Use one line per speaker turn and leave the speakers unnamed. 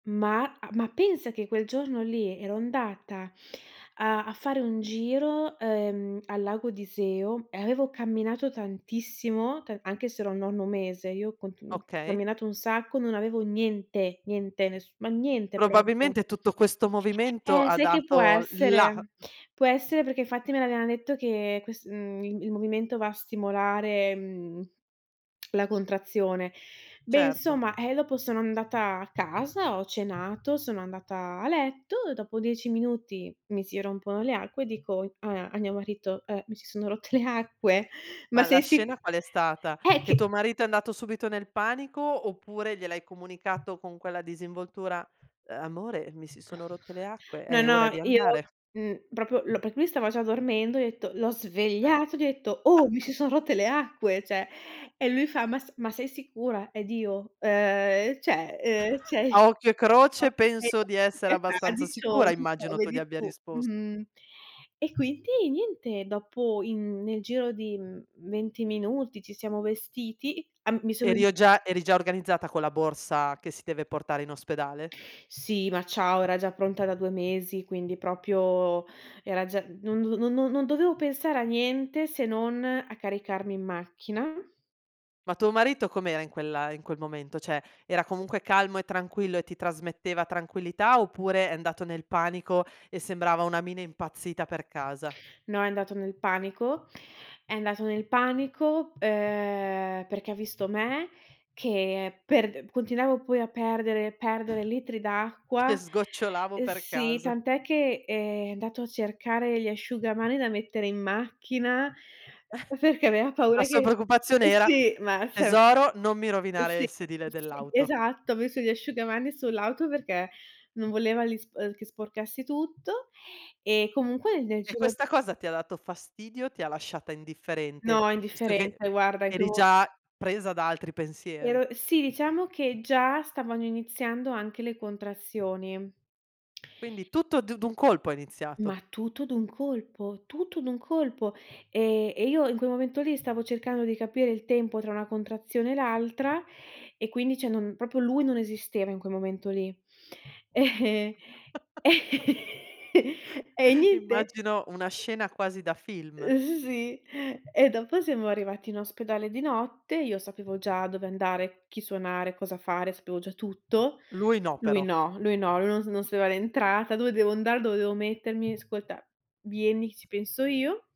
Ma ah ma pensa che quel giorno lì ero andata a a fare un giro ehm al Lago di Iseo e avevo camminato tantissimo, ta anche se ero al nono mese, io ho
Okay.
camminato un sacco, non avevo niente, niente, ness ma niente proprio.
Probabilmente tutto questo movimento
Eh,
ha
sai che può
dato il là.
essere? Può essere perché infatti me l'avevano detto che quest uhm il movimento va a stimolare mhmm la contrazione. Beh
Certo.
insomma, ehm dopo sono andata a casa, ho cenato, sono andata a letto. Dopo 10 minuti mi si rompono le acque e dico a a mio marito, ehm mi si sono rotte le acque. Ma
Ma la
sei sic
scena qual è stata?
eh
Che tuo
che
marito è andato subito nel panico oppure gliel'hai comunicato con quella disinvoltura? "Amore mi si sono rotte le acque,
No,
è ora
no,
di
io
andare."
mh proprio, perché lui stava già dormendo, ho detto, l'ho svegliato, gli ho detto: "Oh mi si son rotte le acque, cioè" e lui fa: "Ma s ma sei sicura?" Ed io: "Ehm cioè, ehm cioè
A occhio e croce penso di essere abbastanza sicura,
[unintelligible]
immagino tu gli
vedi
abbia
tu.
rispost
Mhmm." E quindi niente, dopo in nel giro di mh 20 minuti ci siamo vestiti, uhm mi sono
Eri o già eri già organizzata con la borsa che si deve portare in ospedale?
Sì, ma ciao, era già pronta da 2 mesi, quindi proprio era già non do no no no non dovevo pensare a niente se non a caricarmi in macchina.
Ma tuo marito com'era in quel ehm in quel momento? Cioè, era comunque calmo e tranquillo e ti trasmetteva tranquillità oppure è andato nel panico e sembrava una mina impazzita per casa?
No, è andato nel panico, è andato nel panico ehm perché ha visto me che per continuavo poi a perdere, perdere litri
Che
d'acqua.
sgocciolavo per
Sì,
casa.
tant'è che ehm è andato a cercare gli asciugamani da mettere in macchina perché aveva
La
paura
sua
che,
preoccupazione era:
sì, ma. [unintelligible]
"Tesoro non mi rovinare
Sì,
il sedile
sì,
dell'auto."
esatto. Ho messo gli asciugamani sull'auto perché non voleva li spor ehm che sporcassi tutto. E comunque nel
E
giro
questa cosa ti ha dato fastidio o ti ha lasciata indifferente?
No,
Visto che
indifferente guarda. In quel
eri
mo
già presa da altri pensieri.
ero sì, diciamo che già stavano iniziando anche le contrazioni.
Quindi tutto d d'un colpo è
Ma
iniziato.
tutto d'un colpo, tutto d'un colpo. Ehm e io in quel momento lì stavo cercando di capire il tempo tra una contrazione e l'altra e quindi cioè non proprio lui non esisteva in quel momento lì. E e niente.
Immagino una scena quasi da film.
Ehm sì, e dopo siamo arrivati in ospedale di notte, io sapevo già dove andare, chi suonare, cosa fare, sapevo già tutto.
Lui no
Lui
però.
no, lui no, lui non non sapeva l'entrata, "Dove devo andare, dove devo mettermi?' 'Ascolta, vieni, ci penso io".